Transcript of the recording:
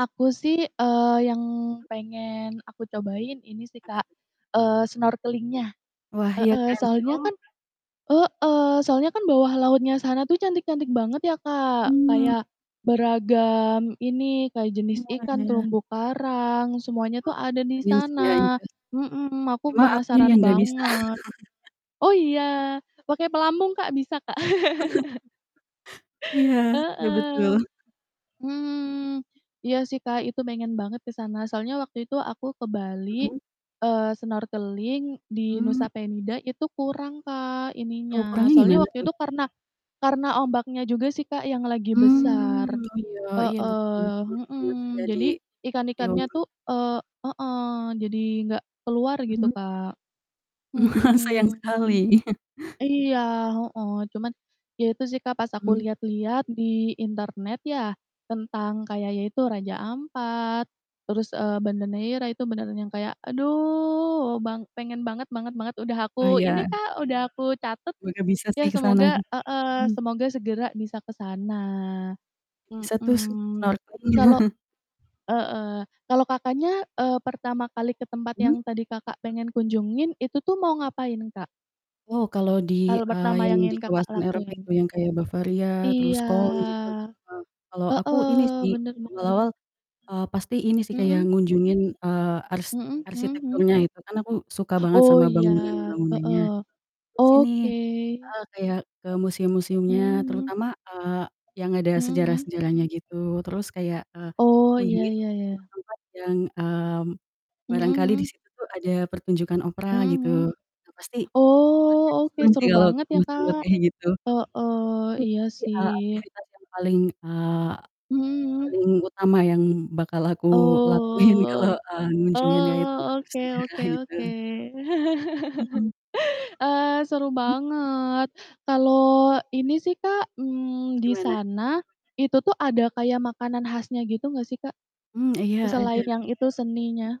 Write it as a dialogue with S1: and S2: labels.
S1: Aku sih, eee, yang pengen aku cobain ini sih,
S2: Apa
S1: Kak,
S2: tuh?
S1: eee, snorkeling nya,
S2: Wah, iya
S1: heeh,
S2: kan si
S1: soalnya
S2: oh.
S1: kan heeh, soalnya kan bawah lautnya sana tuh cantik-cantik banget ya, Kak,
S2: Hmm.
S1: kayak beragam ini,
S2: E
S1: kayak jenis ikan,
S2: semuanya.
S1: terumbu karang, semuanya
S2: Oh,
S1: tuh ada di
S2: iya sih ya,
S1: sana,
S2: iya.
S1: mhm, aku
S2: Cuma akunya yang
S1: penasaran
S2: nggak bisa.
S1: banget. Oh iya pakai pelampung, Kak, bisa, Kak.
S2: Iya, ya
S1: Heeh.
S2: betul.
S1: Hmm, iya sih, Kak, itu pengen banget ke sana soalnya waktu itu aku ke Bali,
S2: Mhm.
S1: eee, snorkeling di
S2: Hmm.
S1: Nusa Penida itu kurang, Kak, ininya.
S2: Oh, ukurannya
S1: Soalnya
S2: gimana
S1: waktu
S2: tuh?
S1: itu karena karena ombaknya juga sih, Kak, yang lagi besar,
S2: Hmm, oh iya iya betul
S1: heeh,
S2: betul
S1: mhm.
S2: banget sih. Jadi
S1: Jadi
S2: ya
S1: ikan-ikannya
S2: ampun.
S1: tuh, eee heeh, jadi enggak keluar gitu,
S2: Hmm?
S1: Kak,
S2: Ma sayang
S1: mhm.
S2: sekali.
S1: Iya, heeh, cuman ya itu sih, Kak, pas aku
S2: Hmm.
S1: lihat-lihat di internet ya tentang kayak ya itu, Raja Ampat terus, eee, Banda Neira itu beneran yang kayak aduh bang pengen banget banget banget, udah aku ini,
S2: Bayar.
S1: Kak, udah aku catat
S2: Semoga bisa sih
S1: ya
S2: ke sana,
S1: semoga heeh,
S2: hmm.
S1: semoga segera bisa ke sana.
S2: Bisa tuh sen
S1: Mhm,
S2: snorkeling.
S1: kalau heeh, kalau Kakaknya, eee, pertama kali ke tempat
S2: Hmm?
S1: yang tadi Kakak pengen kunjungin itu tuh mau ngapain, Kak?
S2: Oh, kalau di
S1: Hal
S2: eee,
S1: pertama
S2: yang
S1: yang
S2: di
S1: ingin Kakak
S2: kawasan Eropa
S1: lakuin?
S2: itu yang kayak Bavaria terus
S1: Iya,
S2: Kohn gitu, eee, kalau aku
S1: heeh,
S2: ini sih,
S1: bener bener.
S2: awal-awal, eee, pasti ini sih
S1: Mhm.
S2: kayak ngunjungin, eee, ars
S1: Mhm mhm mhm.
S2: arsitekturnya gitu kan aku suka banget
S1: Oh,
S2: sama
S1: iya,
S2: bangunan-bangunannya
S1: heeh.
S2: terus ini
S1: Oke.
S2: heeh, kayak ke
S1: Mhm
S2: museum-museumnya,
S1: mhm.
S2: terutama, eee, yang ada
S1: Mhm mhm.
S2: sejarah-sejarahnya gitu, terus kayak, eee,
S1: Oh, iya,
S2: kunjungi
S1: ya ya.
S2: tempat-tempat yang, eee,
S1: Mhm
S2: barangkali
S1: mhm.
S2: di situ tuh ada pertunjukan opera
S1: Mhm
S2: gitu,
S1: mhm.
S2: yang pasti
S1: Oh
S2: pasti
S1: oke,
S2: seru sih
S1: seru
S2: kalau
S1: banget ya,
S2: tempat-tempat
S1: Kak,
S2: kaya gitu.
S1: heeh,
S2: Betul,
S1: iya
S2: pasti,
S1: sih.
S2: eee, aktivitas yang paling eee,
S1: Mhm mhm.
S2: paling utama yang bakal aku lakuin kalau,
S1: Oh
S2: eee, mengunjungi yang
S1: oh,
S2: tempat
S1: oke
S2: bersejarah
S1: oke
S2: gitu.
S1: oke.
S2: Mhm.
S1: Eee, seru
S2: Hmm?
S1: banget. Kalau ini sih, Kak, mmm, di
S2: Gimana?
S1: sana itu tuh ada kayak makanan khasnya gitu gak sih, Kak,
S2: Hmm, iya
S1: selain
S2: ada.
S1: yang itu, seninya?